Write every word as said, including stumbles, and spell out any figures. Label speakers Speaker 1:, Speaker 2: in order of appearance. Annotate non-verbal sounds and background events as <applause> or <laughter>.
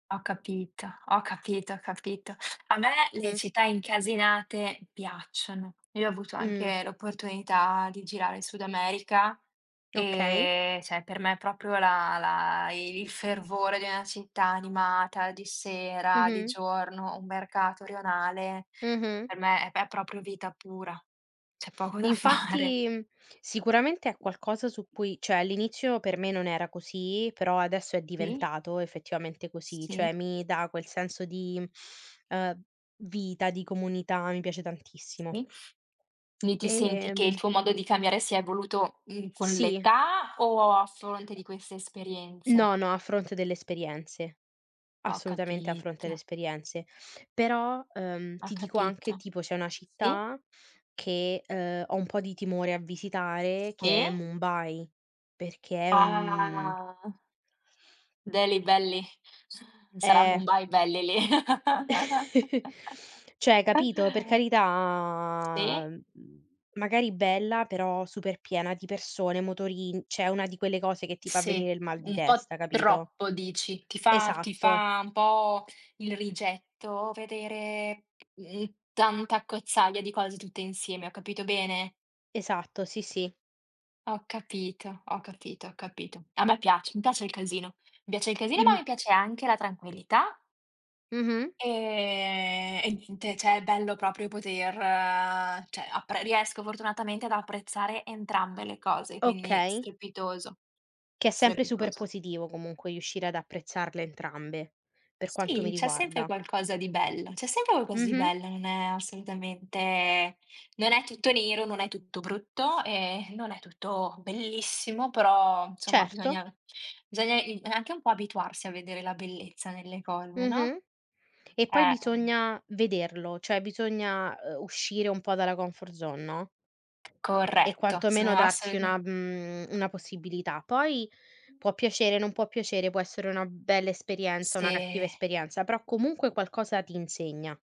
Speaker 1: Ho capito, ho capito, ho capito. A me le
Speaker 2: Mh.
Speaker 1: città incasinate piacciono. Io ho avuto
Speaker 2: Mh.
Speaker 1: anche l'opportunità di girare il Sud America
Speaker 2: Okay.
Speaker 1: e, cioè, per me proprio la la i il fervore di una città animata di sera, di
Speaker 2: Mh-mh.
Speaker 1: giorno, un mercato rionale,
Speaker 2: Mh-mh.
Speaker 1: per me è è proprio vita pura. C'è poco da fare.
Speaker 2: Infatti, mhmm, sicuramente è qualcosa su cui cioè all'inizio per me non era così, però adesso è
Speaker 1: Sì.
Speaker 2: diventato effettivamente così. Cioè
Speaker 1: Sì.
Speaker 2: mi dà quel senso di, ehm, vita, di comunità, mi piace tantissimo.
Speaker 1: Sì, lì ti senti che il
Speaker 2: Ehm.
Speaker 1: tuo modo di cambiare si è evoluto, mhmm, con
Speaker 2: Sì.
Speaker 1: l'età o a fronte di queste esperienze?
Speaker 2: No, no, a fronte delle esperienze.
Speaker 1: Ho
Speaker 2: Assolutamente a fronte le
Speaker 1: capito.
Speaker 2: esperienze. Però, ehm,
Speaker 1: Ho
Speaker 2: ti dico anche,
Speaker 1: capito.
Speaker 2: tipo c'è una
Speaker 1: Sì.
Speaker 2: città che, ehm, ho un po' di timore a visitare che è
Speaker 1: Sì.
Speaker 2: Mumbai perché è un
Speaker 1: Ah. Deli, belli. Sarà
Speaker 2: Eh.
Speaker 1: Mumbai belli lì.
Speaker 2: <chuckles> Cioè, hai capito? Per
Speaker 1: <chuckles> Sì.
Speaker 2: carità mhmm, magari bella però super piena di persone, motorin cioè una di quelle cose che ti fa
Speaker 1: Sì,
Speaker 2: venire il mal di
Speaker 1: un po'
Speaker 2: testa capito?
Speaker 1: troppo dici. Ti fa ti
Speaker 2: Esatto.
Speaker 1: fa un po' il rigetto vedere, mhmm, tanta accozzaglia di cose tutte insieme, ho capito bene?
Speaker 2: Esatto, sì, sì.
Speaker 1: Ho capito, ho capito, ho capito. A me piace, mi piace il casino, mi piace il casino, ma
Speaker 2: Im
Speaker 1: mi piace anche la tranquillità
Speaker 2: Mh-mh.
Speaker 1: e e niente, cioè è bello proprio poter cioè, appre riesco fortunatamente ad apprezzare entrambe le cose, quindi
Speaker 2: Okay.
Speaker 1: strepitoso,
Speaker 2: Che è sempre super
Speaker 1: strepitoso.
Speaker 2: positivo comunque riuscire ad apprezzarle entrambe, per quanto mi
Speaker 1: Sì, c'è sempre
Speaker 2: riguarda.
Speaker 1: qualcosa di bello, c'è sempre qualcosa di
Speaker 2: Mh-mh.
Speaker 1: bello, non è assolutamente non è tutto nero, non è tutto brutto e non è tutto bellissimo, però nsomma
Speaker 2: Certo.
Speaker 1: bisogna bisogna il anche un po' abituarsi a vedere la bellezza nelle cose, no?
Speaker 2: Mh-mh. E poi
Speaker 1: Eh.
Speaker 2: bisogna vederlo, cioè bisogna, uhm, uscire un po' dalla comfort zone, no? E
Speaker 1: Corretto.
Speaker 2: quantomeno
Speaker 1: Sono
Speaker 2: darsi
Speaker 1: assoluta
Speaker 2: una mhmm, una possibilità. Poi può piacere, non può piacere, può essere una bella esperienza,
Speaker 1: Sì.
Speaker 2: una cattiva esperienza, però comunque qualcosa ti insegna.